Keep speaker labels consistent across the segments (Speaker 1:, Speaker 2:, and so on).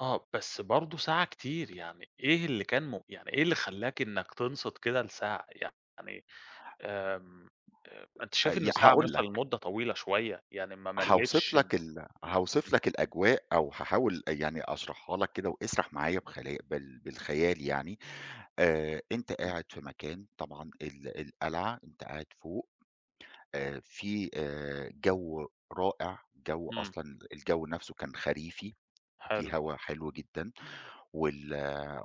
Speaker 1: آه، بس برضه ساعة كتير يعني، إيه اللي كان م يعني إيه اللي خلاك إنك تنصت كده لساعة، يعني آمم، آآ، أنت شايف
Speaker 2: ي
Speaker 1: إن ساعة
Speaker 2: هاقول
Speaker 1: مثلًا
Speaker 2: لك.
Speaker 1: مدة طويلة شوية يعني ما
Speaker 2: هاوصف
Speaker 1: ملِتش؟ ما
Speaker 2: لك ال هاوصف
Speaker 1: إمم.
Speaker 2: لك الأجواء أو هاحاول يعني أشرحها لك كده واسرح معايا بخ بال بالخيال يعني. آآ، أنت
Speaker 1: إمم.
Speaker 2: قاعد في مكان، طبعًا ال القلعة أنت قاعد فوق آآ، في آآ، جو رائع، الجو
Speaker 1: إمم.
Speaker 2: أصلًا الجو نفسه كان خريفي، في
Speaker 1: حلو.
Speaker 2: هوا حلو جدًا، وال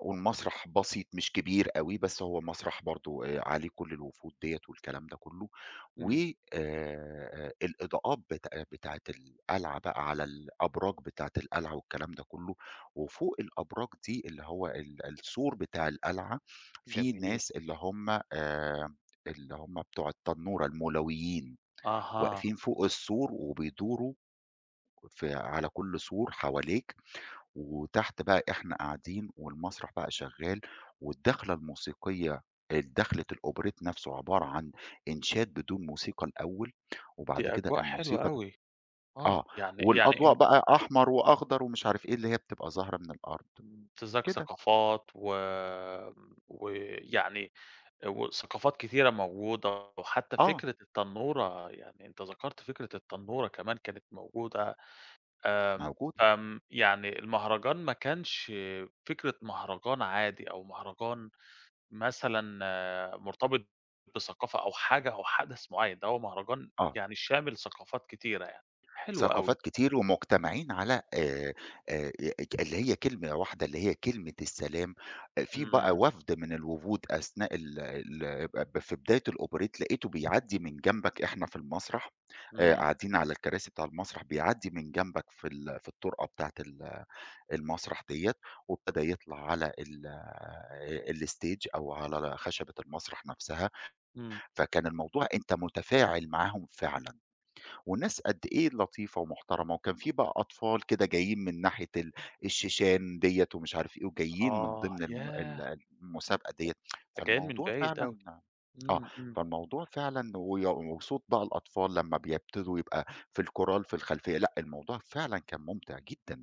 Speaker 2: والمسرح بسيط مش كبير أوي بس هو مسرح برضو آآ، عليه كل الوفود ديّة والكلام ده كلّه، و
Speaker 1: إمم.
Speaker 2: آآ، الإضاءات بت بتاعة القلعة بقى على الأبراج بتاعة القلعة والكلام ده كلّه، وفوق الأبراج دي اللي هو ال السور بتاع القلعة في
Speaker 1: جميل.
Speaker 2: ناس اللي هم آآ، اللي هم بتاع التنورة المولويين،
Speaker 1: أها.
Speaker 2: واقفين فوق السور وبيدوروا في على كل سور حواليك، وتحت بقى إحنا قاعدين والمسرح بقى شغّال، والدخلة الموسيقية الدخلة الأوبريت نفسه عبارة عن إنشاد بدون موسيقى الأوّل، وبعد
Speaker 1: دي
Speaker 2: كده
Speaker 1: أجواء حلوة
Speaker 2: الموسيقى
Speaker 1: أوي. آه،
Speaker 2: آه،
Speaker 1: يعني
Speaker 2: والأضواء
Speaker 1: يعني
Speaker 2: بقى أحمر وأخضر ومش عارف إيه، اللي هي بتبقى ظاهرة من الأرض،
Speaker 1: امتزاج
Speaker 2: كده.
Speaker 1: ثقافات و ويعني وثقافات كتيرة موجودة وحتّى
Speaker 2: آه.
Speaker 1: فكرة التنّورة، يعني أنت ذكرت فكرة التنّورة كمان كانت موجودة. آمم،
Speaker 2: موجودة.
Speaker 1: آمم، يعني المهرجان ما كانش فكرة مهرجان عادي أو مهرجان مثلًا مرتبط بثقافة أو حاجة أو حدث معيّن، ده هو مهرجان
Speaker 2: آه.
Speaker 1: يعني شامل ثقافات كتيرة يعني، حلو أوي.
Speaker 2: ثقافات كتير، ومجتمعين على آآ، آآ، أ اج اللي هي كلمة واحدة، اللي هي كلمة السلام. آآ، في بقى
Speaker 1: إمم.
Speaker 2: وفد من الوفود أثناء ال ال ب ب في بداية الأوبريت لقيته بيعدي من جنبك، إحنا في المسرح
Speaker 1: إمم.
Speaker 2: قاعدين على الكراسي بتاع المسرح، بيعدي من جنبك في ال في الطرقة بتاعة ال المسرح ديّة، وابتدى يطلع على ال الstage أو على خشبة المسرح نفسها،
Speaker 1: إمم.
Speaker 2: فكان الموضوع أنت متفاعل معاهم فعلًا. وناس قد إيه لطيفة ومحترمة، وكان في بقى أطفال كده جايين من ناحية ال الشيشان ديّة ومش عارف إيه، وجايين من
Speaker 1: آه،
Speaker 2: ضمن الم
Speaker 1: ياه!
Speaker 2: ال المسابقة ديّة.
Speaker 1: ط جايين من
Speaker 2: فالموضوع
Speaker 1: بعيد
Speaker 2: فعلًا
Speaker 1: أوي.
Speaker 2: آه،
Speaker 1: إمم، إمم.
Speaker 2: فالموضوع فعلًا وصوت بقى الأطفال لمّا بيبتدوا يبقى في الكُورال في الخلفيّة لأ، الموضوع فعلًا كان ممتع جدًا.